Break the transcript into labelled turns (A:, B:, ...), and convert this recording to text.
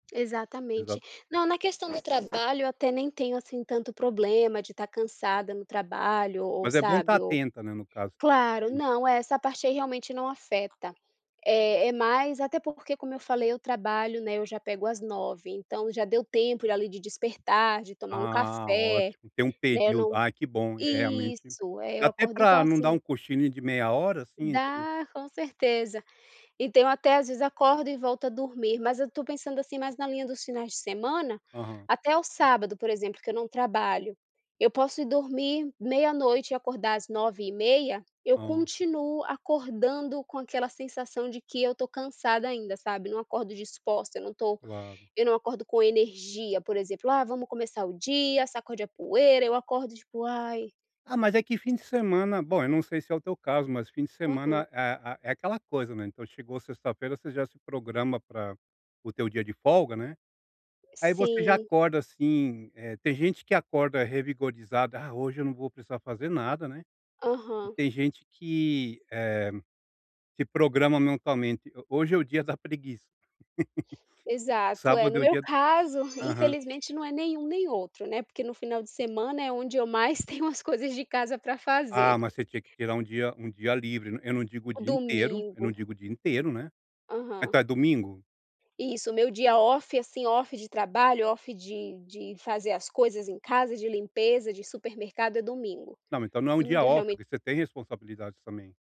A: Exatamente.
B: Exato.
A: Não, na questão do trabalho eu até nem tenho, assim, tanto problema de estar cansada no trabalho, o ou
B: Mas é bom estar
A: sabe, ou
B: atenta né, no caso.
A: claro,
B: Sim.
A: não, é, essa parte aí realmente não afeta, é é mais até porque, como eu falei, eu trabalho, né, eu já pego às 9, então já deu tempo, ali, de despertar, de tomar um
B: Ah,
A: café,
B: ótimo. Tem um
A: né,
B: período.
A: não
B: Ai, que bom, é realmente.
A: isso, é,
B: Dá
A: eu
B: até
A: acordo, então
B: para não dá
A: assim
B: um cochilinho de meia hora, assim? Entre
A: Dá, com certeza. Então eu até, às vezes, acordo e volto a dormir, mas eu estou pensando, assim, mas na linha dos finais de semana,
B: Aham.
A: até o sábado, por exemplo, que eu não trabalho, eu posso ir dormir meia noite e acordar às nove 9 e meia, eu
B: Hã.
A: continuo acordando com aquela sensação de que eu estou cansada ainda, sabe, não acordo disposta, eu não estou
B: Claro.
A: eu não acordo com energia, por exemplo, "ah, vamos começar o dia, sacode a poeira", eu acordo tipo, "Ai".
B: Ah, mas é que fim de semana bom eu não sei se é o teu caso, mas fim de
A: Uhum.
B: semana é a é aquela coisa, né, então chegou sexta-feira, você já se programa para o teu dia de folga, né, aí você já
A: Sim.
B: acorda assim, eh, tem gente que acorda revigorada, "ah, hoje eu não vou precisar fazer nada, né", e
A: Aham.
B: tem gente que, eh, se programa mentalmente, "ho hoje é o dia da preguiça".
A: Exato, eh,
B: Sábado
A: no
B: é o
A: meu
B: dia
A: caso,
B: aham.
A: infelizmente, não é nenhum nem outro, né, porque no final de semana, é onde eu mais tenho umas coisas de casa pra
B: Ah,
A: fazer.
B: mas você tinha que tirar um dia um dia livre. Eu não digo o
A: O
B: dia inteiro eu
A: domingo.
B: não digo o dia inteiro, né.
A: Aham.
B: Então é domingo?
A: Isso, o meu dia off, assim, off de trabalho, off de de fazer as coisas em casa, de limpeza, de supermercado, é domingo.
B: Não, mas então não é um dia
A: Domingo eu
B: off,
A: realmen
B: porque você tem responsabilidades também.